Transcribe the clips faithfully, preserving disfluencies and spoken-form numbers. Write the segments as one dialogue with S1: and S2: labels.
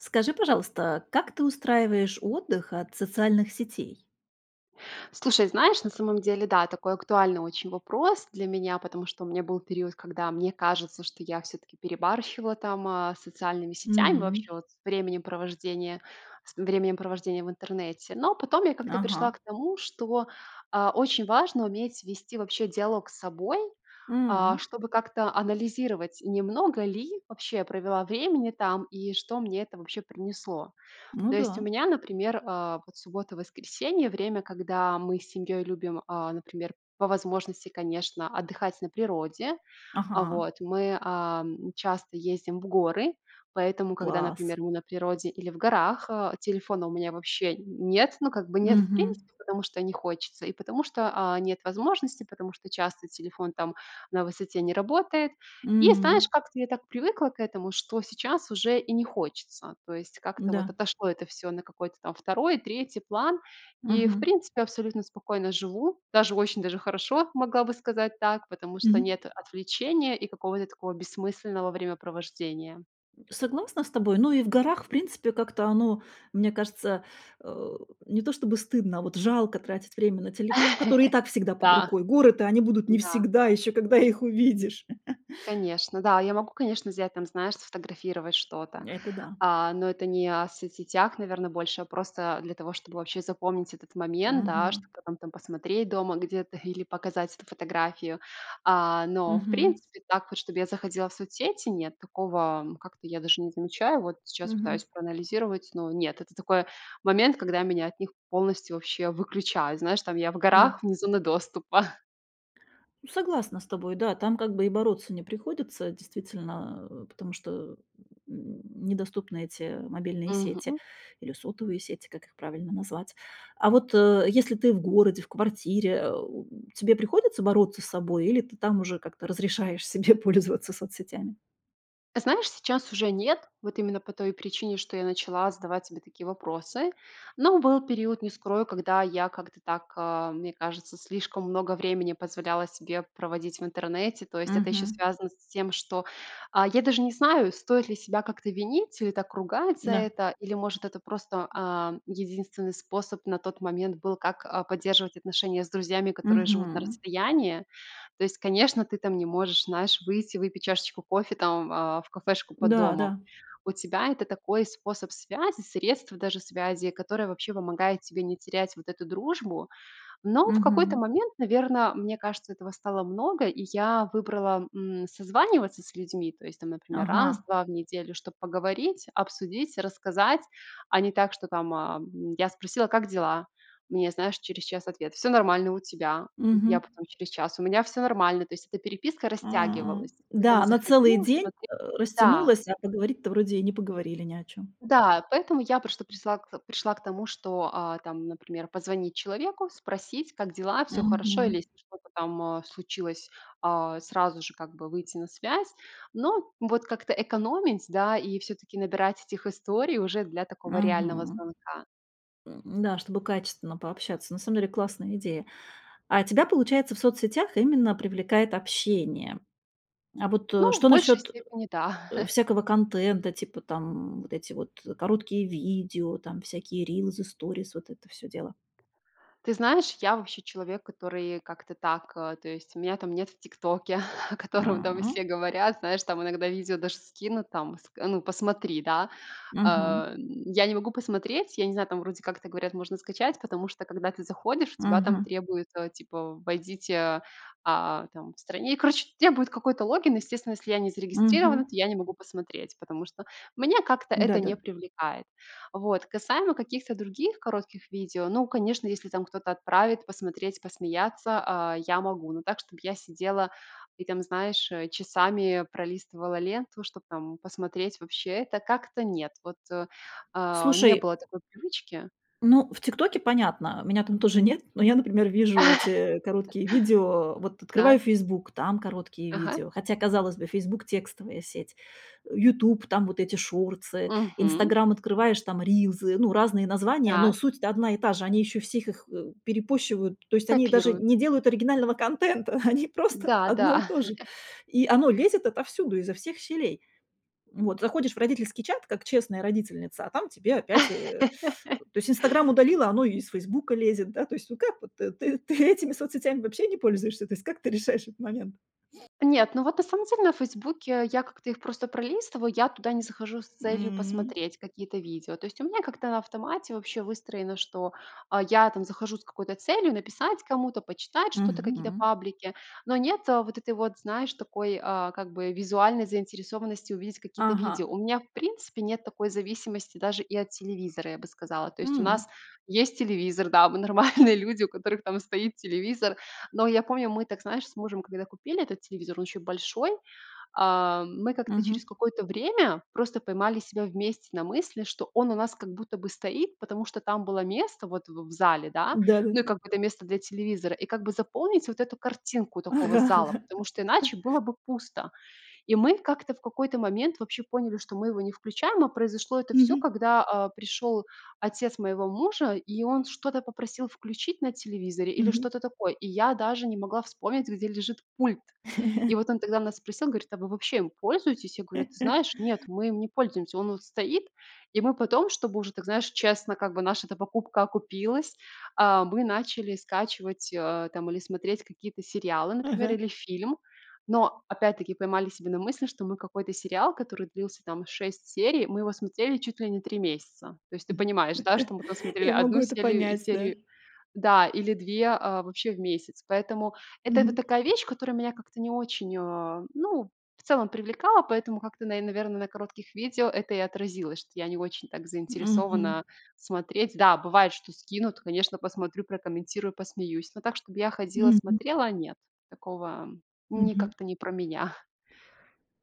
S1: Скажи, пожалуйста, как ты устраиваешь отдых от социальных сетей?
S2: Слушай, знаешь, на самом деле, да, такой актуальный очень вопрос для меня, потому что у меня был период, когда, мне кажется, что я всё-таки перебарщивала там, а, с социальными сетями,
S1: М.
S2: вообще вот с временем провождения с временем провождения в Интернете. Но потом я как-то пришла
S1: Ага.
S2: к тому, что, а, очень важно уметь вести вообще диалог с собой, а,
S1: М.
S2: чтобы как-то анализировать, не много ли вообще я провела времени там и что мне это вообще принесло.
S1: Ну
S2: То есть у
S1: да.
S2: меня, например, а, вот суббота-воскресенье- время, когда мы с семьей любим, а, например, по возможности, конечно, отдыхать на природе. А,
S1: Ага.
S2: вот, мы, а, часто ездим в горы, поэтому, когда,
S1: Класс!
S2: например, мы на природе или в горах, а, телефона у меня вообще нет. Ну, как бы нет в
S1: Мгм.
S2: принципе, потому что не хочется, и потому что, а, нет возможности, потому что часто телефон там на высоте не работает. И, знаешь,
S1: М.
S2: как-то я так привыкла к этому, что сейчас уже и не хочется. То есть как-то
S1: Да.
S2: вот отошло это всё на какой-то там второй, третий план, и, в
S1: Мгм.
S2: принципе, абсолютно спокойно живу. Даже очень даже хорошо, могла бы сказать так, потому что
S1: Мгм.
S2: нет отвлечения и какого-то такого бессмысленного времяпровождения.
S1: Согласна с тобой. Ну и в горах, в принципе, как-то оно, мне кажется, а, не то чтобы стыдно, а, вот, жалко тратить время на телефон, который и так всегда под
S2: Да,
S1: рукой. Горы-то, они будут не
S2: да.
S1: всегда, еще когда их увидишь.
S2: Конечно, да, я могу, конечно, взять там, знаешь, сфотографировать что-то.
S1: Это да.
S2: А, но это не о соцсетях, наверно, больше, а просто для того, чтобы вообще запомнить этот момент, да, что,
S1: Мгм.
S2: кто там там посмотреть дома где-то или показать эту фотографию. А, но, в
S1: Мгм.
S2: принципе, так вот чтобы я заходила в соцсети- нет, такого, м, как-то я даже не замечаю. Вот сейчас
S1: Мгм.
S2: пытаюсь проанализировать, но нет. Это такое момент, когда меня от них полностью вообще выключают. Знаешь, там, я в
S1: Да.
S2: горах вне зоны доступа.
S1: Ну, согласна с тобой, да, там как бы и бороться не приходится действительно, а, потому что, м м, недоступны эти мобильные сети
S2: Мгм.
S1: или сотовые сети, как их правильно назвать. А вот, э, если ты в городе, в квартире, а, у, тебе приходится бороться с собой или ты там уже как-то разрешаешь себе пользоваться соцсетями?
S2: А знаешь, сейчас уже нет. Вот именно по той причине, что я начала задавать себе такие вопросы. Но был период, не скрою, когда я как-то так, а, мне кажется, слишком много времени позволяла себе проводить в интернете. То есть это еще
S1: Мгм.
S2: связано с тем, что, а, я даже не знаю, стоит ли себя как-то винить или так ругать за
S1: Да.
S2: это, или, может, это просто, ам, единственный способ на тот момент был, как, а, поддерживать отношения с друзьями, которые живут на
S1: Мгм.
S2: расстоянии. То есть, конечно, ты там не можешь, знаешь, выйти, выпить чашечку кофе там, а, в кафешку под домом.
S1: Да-да.
S2: У тебя это такой способ связи, средств даже связи, которое вообще помогает тебе не терять вот эту дружбу. Но в какой-то
S1: Мгм.
S2: момент, наверно, мне кажется, этого стало много, и я выбрала, м, созваниваться с людьми, то есть там, например, раз,
S1: Ага.
S2: два в неделю, чтобы поговорить, обсудить, рассказать, а не так, что, там, ам, я спросила: "Как дела?"- мне, знаешь, через час ответ: "Всё нормально. У тебя?"-
S1: Мгм.
S2: я потом через час: "У меня всё нормально". То есть эта переписка
S1: М,
S2: растягивалась. Ты там
S1: да, она целый
S2: заходила,
S1: день,
S2: смотре
S1: а,
S2: да.
S1: растянулась, а поговорить-то вроде и не поговорили ни о чём.
S2: Да. Поэтому я прошта присла к пришла к тому, что, а, там, например, позвонить человеку, спросить: "Как дела? Все хорошо?" Или
S1: Мгм.
S2: если что-то там, а, случилось, а, сразу же как бы выйти на связь. Но вот как-то экономить, да, и все-таки набирать этих историй уже для такого реального
S1: Мгм.
S2: звонка.
S1: М, да, чтобы качественно пообщаться. На самом деле классная идея. А тебя, получается, в соцсетях именно привлекает общение? А вот, э,
S2: Ну, в
S1: что
S2: большей
S1: насчет э
S2: степени, да.
S1: э, всякого контента, типа там вот эти вот короткие видео, там, всякие рилзы, сторис, вот это всё дело?
S2: Ты знаешь, я вообще человек, который как-то так, а, то есть меня, там, нет в "Тиктоке", о котором там
S1: М.
S2: все говорят, знаешь, там иногда видео даже скинут, там ска ну, посмотри, да.
S1: Мгм.
S2: А, м, я не могу посмотреть, я не знаю, там вроде как-то говорят, можно скачать, потому что когда ты заходишь, у тебя там
S1: Мгм.
S2: требуют, а, типа войдите, а, там в стране, и короче, требуют какой-то логин. Естественно, если я не зарегистрирована,
S1: Мгм.
S2: то я не могу посмотреть, потому что меня как-то это
S1: Да-да.
S2: не привлекает. Вот. Касаемо каких-то других коротких видео, ну, конечно, если там кто-то отправит посмотреть, посмеяться, а, я могу, но так, чтобы я сидела и там, знаешь, э, часами пролистывала ленту, чтоб там посмотреть, вообще, это как-то нет. Вот, а, не
S1: Слушай
S2: было такой привычки.
S1: Ну, в "Тиктоке" понятно, меня там тоже нет, но я, например, вижу эти короткие видео, вот открываю
S2: Так.
S1: "Фейсбук", там короткие
S2: Ага.
S1: видео, хотя, казалось бы, "Фейсбук"- текстовая сеть. "Ютуб"- там вот эти шортсы,
S2: Мгм.
S1: "Инстаграм" открываешь- там рилзы, ну, разные названия, но
S2: Так.
S1: суть-то одна и та же, они ещё всех их, э, перепощивают. То есть они даже не
S2: Копируются.
S1: делают оригинального контента, они просто одно и
S2: Да-да.
S1: то же, и оно лезет отовсюду, изо всех щелей. Вот, заходишь в родительский чат, как честная родительница, а там тебе опять, э То есть "Инстаграм" удалила, оно и из "Фейсбука" лезет, да. То есть, ну, как вот ты ты ты этими соцсетями вообще не пользуешься? То есть, как ты решаешь этот момент?
S2: Нет, ну вот, на самом деле, на "Фейсбуке" я как-то их просто пролистываю. Я туда не захожу с целью
S1: М.
S2: посмотреть какие-то видео. То есть у меня как-то на автомате вообще выстроено, что, а, я там захожу с какой-то целью: написать кому-то, почитать что-то, какие-то
S1: Мгм.
S2: паблики. Но нет вот этой вот, знаешь, такой, а, как бы визуальной заинтересованности увидеть какие-то
S1: Ага.
S2: видео. У меня в принципе нет такой зависимости даже и от телевизора, я бы сказала. То есть у
S1: М.
S2: нас есть телевизор, да, мы нормальные люди, у которых там стоит телевизор. Но я помню, мы так, знаешь, с мужем, когда купили этот телевизор, он еще большой, а, мы как-то через
S1: Мгм.
S2: какое-то время просто поймали себя вместе на мысли, что он у нас как будто бы стоит, потому что там было место вот в в зале, да.
S1: Да-да.
S2: Ну, и как бы это место для телевизора, и как бы заполнить вот эту картинку такого
S1: Ага
S2: зала,
S1: ага.
S2: потому что иначе было бы пусто. И мы как-то в какой-то момент вообще поняли, что мы его не включаем, а произошло это всё,
S1: Мгм.
S2: когда, а, пришел отец моего мужа, и он что-то попросил включить на телевизоре или
S1: Мгм.
S2: что-то такое, и я даже не могла вспомнить, где лежит пульт. И вот он тогда нас спросил, говорит: "А вы вообще им пользуетесь?" Я говорю: "Ты знаешь, нет, мы им не пользуемся. Он вот стоит". И мы потом, чтобы уже так, знаешь, честно, как бы наша-то покупка окупилась, а, мы начали скачивать, а, там или смотреть какие-то сериалы, например,
S1: Ага.
S2: или фильм. Но опять-таки поймали себя на мысли, что мы какой-то сериал, который длился, там, шесть серий, мы его смотрели чуть ли не три месяца. То есть ты
S1: Мгм.
S2: понимаешь, да, что мы там смотрели
S1: Я могу
S2: одну
S1: это
S2: сели
S1: понять, да.
S2: серию, да, или две, а, вообще в месяц. Поэтому это вот
S1: Мгм.
S2: такая вещь, которая меня как-то не очень, а, ну, в целом привлекала, поэтому как-то на и, наверно, на коротких видео это и отразилось, что я не очень так
S1: Мгм.
S2: заинтересована смотреть. Да, бывает, что скинут, конечно, посмотрю, прокомментирую, посмеюсь. Но так, чтобы я ходила,
S1: Мгм.
S2: смотрела, нет, такого ни
S1: Мгм.
S2: как-то не про меня.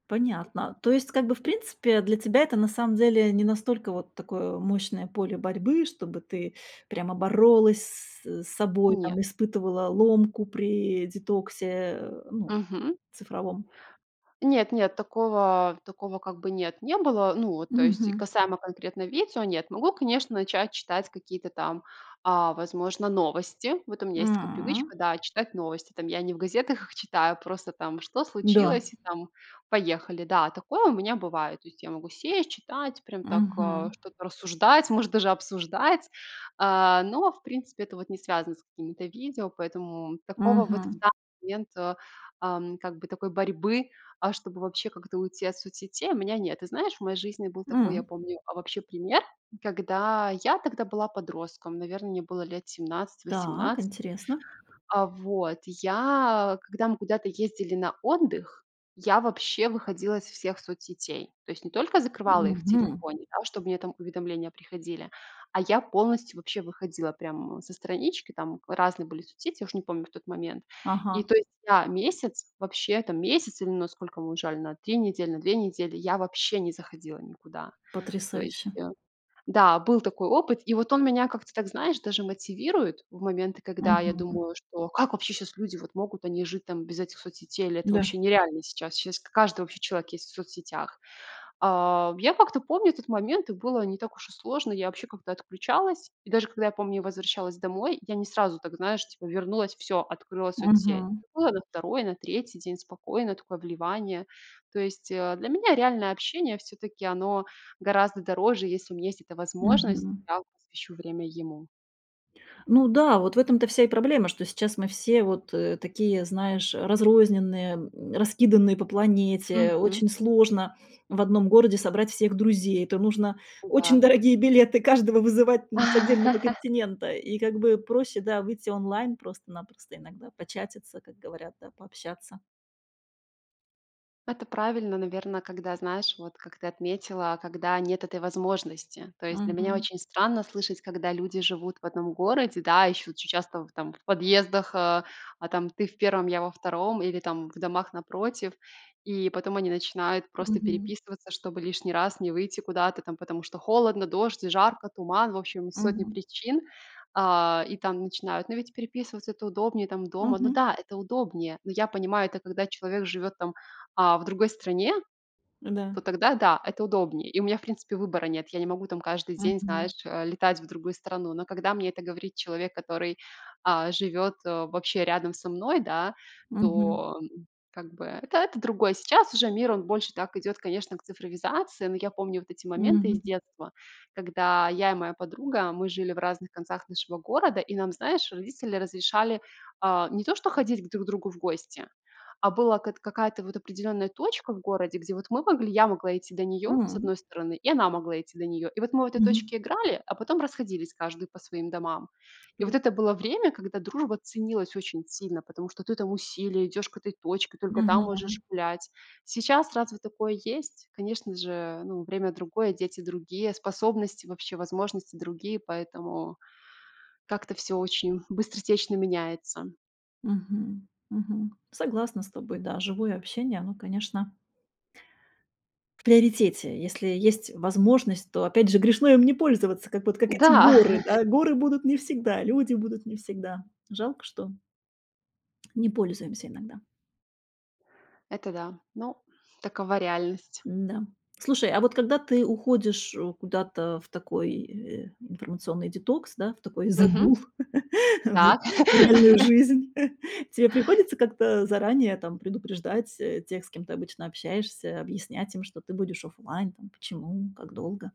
S1: Понятно. То есть как бы, в принципе, для тебя это на самом деле не настолько вот такое мощное поле борьбы, чтобы ты прямо боролась с собой там,
S2: Нет.
S1: испытывала ломку при детоксе, э, ну,
S2: Мгм.
S1: цифровом.
S2: Нет-нет, такого такого как бы нет, не было. Ну, вот то есть,
S1: Мгм.
S2: касаемо конкретно видео, нет. Могу, конечно, начать читать какие-то там, а, возможно, новости. Вот у меня есть такая
S1: М.
S2: привычка, да, читать новости там. Я не в газетах их читаю, просто там: "Что
S1: Да.
S2: случилось?" И там, поехали. Да, такое у меня бывает. То есть я могу сесть, читать, прям так, а,
S1: Мгм.
S2: что-то рассуждать, может даже обсуждать. А, но, в принципе, это вот не связано с какими-то видео, поэтому такого вот
S1: Мгм.
S2: в данный момент, а, ам, как бы такой борьбы, а, чтобы вообще как-то уйти от соцсетей, у меня нет. Ты знаешь, в моей жизни был такой, я
S1: М.
S2: помню, а, вообще пример, когда- я тогда была подростком, наверно, мне было лет семнадцать
S1: Так,
S2: восемнадцать
S1: интересно.
S2: А вот, я Когда мы куда-то ездили на отдых, я вообще выходила из всех соцсетей. То есть не только закрывала их в
S1: Мгм.
S2: телефоне, да, чтобы мне там уведомления приходили, а я полностью вообще выходила прям со странички, там разные были соцсети, я уж не помню тот момент. И,
S1: Ага.
S2: то есть я месяц вообще, там месяц или но сколько мы уезжали, на три недели, на две недели, я вообще не заходила никуда. То есть
S1: Потрясающе!
S2: я Да, был такой опыт, и вот он меня как-то так, знаешь, даже мотивирует в моменты, когда я
S1: Мгм.
S2: думаю, что: "Как вообще щас люди вот могут, они и жить там без этих соцсетей? Или это
S1: Да.
S2: вообще нереально сейчас?" Щас к каждый вообще человек есть в соцсетях. А, я как-то помню этот момент, и было не так уж и сложно. Я вообще как-то отключалась. И даже когда я помню, я возвращалась домой, я не сразу так, знаешь, типа вернулась и всё, открыла соцсеть.
S1: Мгм.
S2: Было на второй, на третий день спокойное такое вливание. То есть, э, для меня реальное общение все-таки оно гораздо дороже. Если у меня есть эта возможность,
S1: Мгм.
S2: я посвящу время ему.
S1: Ну да, вот в этом-то вся и проблема, что сейчас мы все вот, э, такие, знаешь, разрозненные, м, раскиданные по планете.
S2: Мгм.
S1: Очень сложно в одном городе собрать всех друзей. Это нужно очень
S2: М-да.
S1: дорогие билеты, каждого вызывать, ну, с отдельного континента. И как бы проще, да, выйти онлайн, просто-напросто иногда початиться, как говорят, да, пообщаться.
S2: Это правильно, наверно, когда знаешь, вот как ты отметила, когда нет этой возможности. То есть для меня
S1: Мгм.
S2: очень странно слышать, когда люди живут в одном городе, да, еще очень часто там в подъездах э, а, там ты в первом, я во втором или там в домах напротив. И потом они начинают просто
S1: Мгм.
S2: переписываться, чтобы лишний раз не выйти куда-то там, потому что холодно, дождь, жарко, туман, в общем, сотни
S1: Мгм.
S2: причин. А, и там начинают, но ведь переписываться- это удобнее, там, дома. Ну
S1: Мгм.
S2: да, это удобнее, но я понимаю, это когда человек живет там, а, в другой стране,
S1: Да.
S2: то тогда, да, это удобнее. И у меня, в принципе, выбора нет. Я не могу там каждый день,
S1: Мгм.
S2: знаешь, э, летать в другую страну. Но когда мне это говорит человек, который, а, живет, э, вообще рядом со мной, да,
S1: Мгм.
S2: то как бы это это другое. Сейчас уже мир, он больше так идет, конечно, к цифровизации, но я помню вот эти моменты из
S1: Мгм.
S2: детства, когда я и моя подруга- мы жили в разных концах нашего города- и нам, знаешь, родители разрешали, а, не то, что ходить друг к другу в гости, а была как т какая-то вот определенная точка в городе, где вот мы могли, я могла идти до нее с
S1: М.
S2: одной стороны, и она могла идти до нее. И вот мы в этой
S1: Мгм.
S2: точке играли, а потом расходились каждый по своим домам. И вот
S1: [unintelligible]
S2: это было время, когда дружба ценилась очень сильно, потому что ты там усилие, идешь к этой точке, только там можешь
S1: Мгм.
S2: гулять. Сейчас разве такое есть? Конечно же, ну, время другое, дети другие, способности вообще, возможности другие, поэтому как-то всё очень быстротечно меняется.
S1: Мгм, мгм. Согласна с тобой. Да, живое общение, оно, конечно в приоритете. Если есть возможность, то опять же грешно им не пользоваться, как вот как эти
S2: Да!
S1: горы, да? Горы будут не всегда, люди будут не всегда. Жалко, что не пользуемся иногда.
S2: Это да. Ну, такова реальность.
S1: Н-да. Слушай, а вот когда ты уходишь, э, куда-то в такой, э, информационный детокс, да, в такой
S2: Мгм.
S1: загул, в
S2: Так.
S1: в реальную жизнь, тебе приходится как-то заранее там предупреждать, э, тех, с кем ты обычно общаешься, объяснять им, что ты будешь офлайн, там почему, как долго?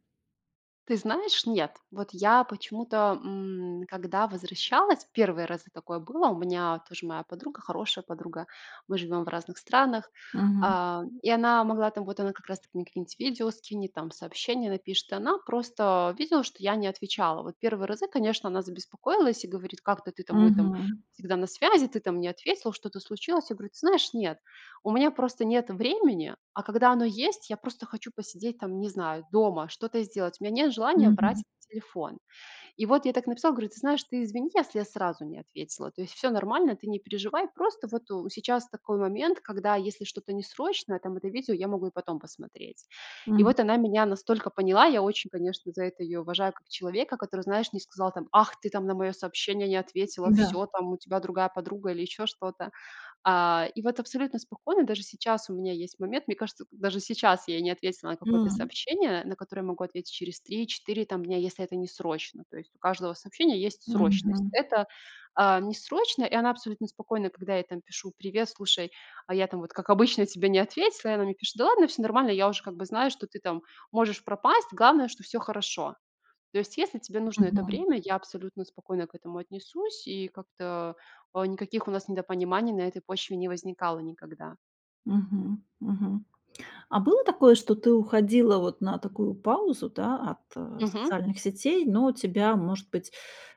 S2: Ты знаешь, нет. Вот я почему-то, м, когда возвращалась, первые разы такое было, у меня тоже моя подруга, хорошая подруга- мы живем в разных странах,-
S1: Мгм.
S2: а, и она могла там, вот она как раз таки мне какие-нибудь видео скинет там, сообщения напишет, и она просто видела, что я не отвечала. Вот первые разы, конечно, она забеспокоилась и говорит: "Как ты ты там мы там
S1: Мгм.
S2: всегда на связи, ты там не ответила, что-то случилось?" Я говорю: "Ты знаешь, нет, у меня просто нет времени, а когда оно есть, я просто хочу посидеть там, не знаю, дома, что-то сделать, у меня нет желания
S1: Мгм.
S2: брать телефон". И вот я так написала, говорю: "Ты знаешь, ты извини, если я сразу не ответила. То есть всё нормально, ты не переживай. Просто вот у сейчас такой момент, когда если что-то не срочное, там это видео я могу и потом посмотреть". И
S1: М.
S2: вот она меня настолько поняла. Я очень, конечно, за это ее уважаю, как человека, который, знаешь, не сказал там: "Ах, ты там на мое сообщение не ответила,
S1: Да.
S2: всё там, у тебя другая подруга", или еще что-то. А, и вот абсолютно спокойно, даже сейчас у меня есть момент, мне кажется, даже сейчас я не ответила на какое-то
S1: М.
S2: сообщение, на которое могу ответить через три четыре там дня, если это не срочно. То есть у каждого сообщения есть срочность.
S1: Мгм.
S2: Это, а, не срочно, и она абсолютно спокойна, когда я ей там пишу: "Привет, слушай, а я там вот, как обычно, тебе не ответила",- и она мне пишет: "Да ладно, всё нормально. Я уже как бы знаю, что ты там можешь пропасть, главное, что всё хорошо. То есть, если тебе нужно это
S1: Мгм.
S2: время, я абсолютно спокойно к этому отнесусь",- и как-то, а, никаких у нас недопониманий на этой почве не возникало никогда.
S1: Мгм, мгм. А было такое, что ты уходила вот на такую паузу, да, от, э,
S2: Мгм.
S1: социальных сетей, но тебя, может быть,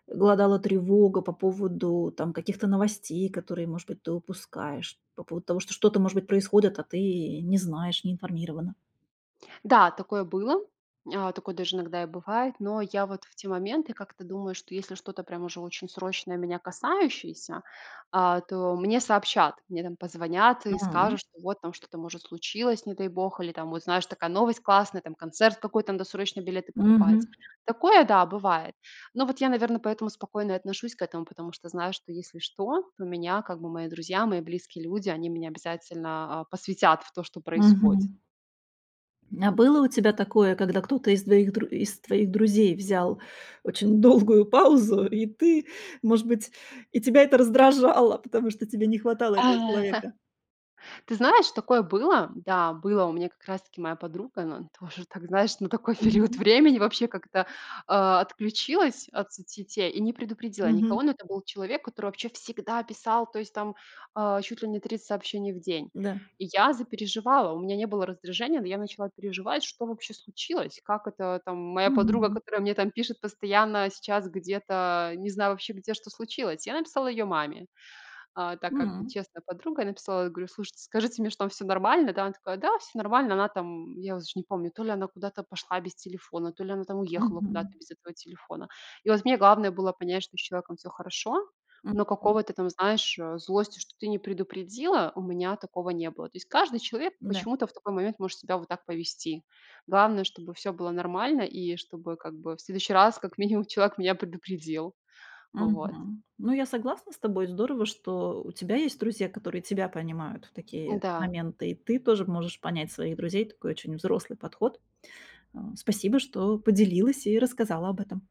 S1: глодала тревога по поводу там каких-то новостей, которые, может быть, ты упускаешь, по поводу того, что что-то, может быть, происходит, а ты и не знаешь, не информирована?
S2: Да, такое было. А, такое даже иногда и бывает, но я вот в те моменты как-то думаю, что если что-то прямо уж очень срочное, меня касающееся, а, то мне сообщат. Мне там позвонят и
S1: М.
S2: скажут, что вот там что-то, может, случилось, не дай бог, или там, вот знаешь, такая новость классная, там концерт какой-то, надо срочно билеты покупать.
S1: Мгм.
S2: Такое- да, бывает. Но вот я, наверно, поэтому спокойно и отношусь к этому, потому что знаю, что если что, то меня как бы мои друзья, мои близкие люди- они меня обязательно, а, посвятят в то, что происходит.
S1: Мгм. А было у тебя такое, когда кто-то из твоих дру из твоих друзей взял очень долгую паузу, и ты, может быть, и тебя это раздражало, потому что тебе не хватало этого
S2: Ага.
S1: человека?
S2: Ты знаешь, такое было. Да, было у меня- как раз таки моя подруга, ну, она тоже так, знаешь, на такой период
S1: Мгм.
S2: времени вообще как-то, а, отключилась от соцсетей и не предупредила
S1: Мгм.
S2: никого. Но это был человек, который вообще всегда писал, то есть там, а, чуть ли не тридцать сообщений в день.
S1: Да.
S2: И я запереживала, у меня не было раздражения, но я начала переживать, что вообще случилось, как это там моя подруга,
S1: Мгм.
S2: которая мне там пишет постоянно, сейчас где-то- не знаю вообще, где, что случилось. Я написала ее маме, а, так как
S1: М.
S2: честная подруга. Я написала, я говорю: "Слушайте, скажите мне, что там всё нормально, да?" Она такая: "Да, всё нормально". Она там- я уже не помню- то ли она куда-то пошла без телефона, то ли она там уехала
S1: Мгм.
S2: куда-то без этого телефона. И вот мне главное было понять, что с человеком всё хорошо, но
S1: Мгм.
S2: какого-то там, знаешь, э, злости, что ты не предупредила, у меня такого не было. То есть каждый человек
S1: Да.
S2: почему-то в такой момент может себя вот так повести. Главное, чтобы всё было нормально, и чтобы как бы в следующий раз, как минимум, человек меня предупредил. Вот.
S1: Мгм. Ну, я согласна с тобой. Здорово, что у тебя есть друзья, которые тебя понимают в такие
S2: М-да.
S1: моменты, и ты тоже можешь понять своих друзей. Такой очень взрослый подход. А, спасибо, что поделилась и рассказала об этом.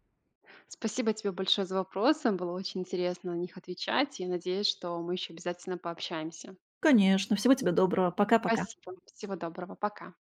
S2: Спасибо тебе большое за вопросы. Было очень интересно на них отвечать. И надеюсь, что мы еще обязательно пообщаемся.
S1: Конечно, всего тебе доброго. Пока-пока.
S2: Спасибо. Всего доброго. Пока.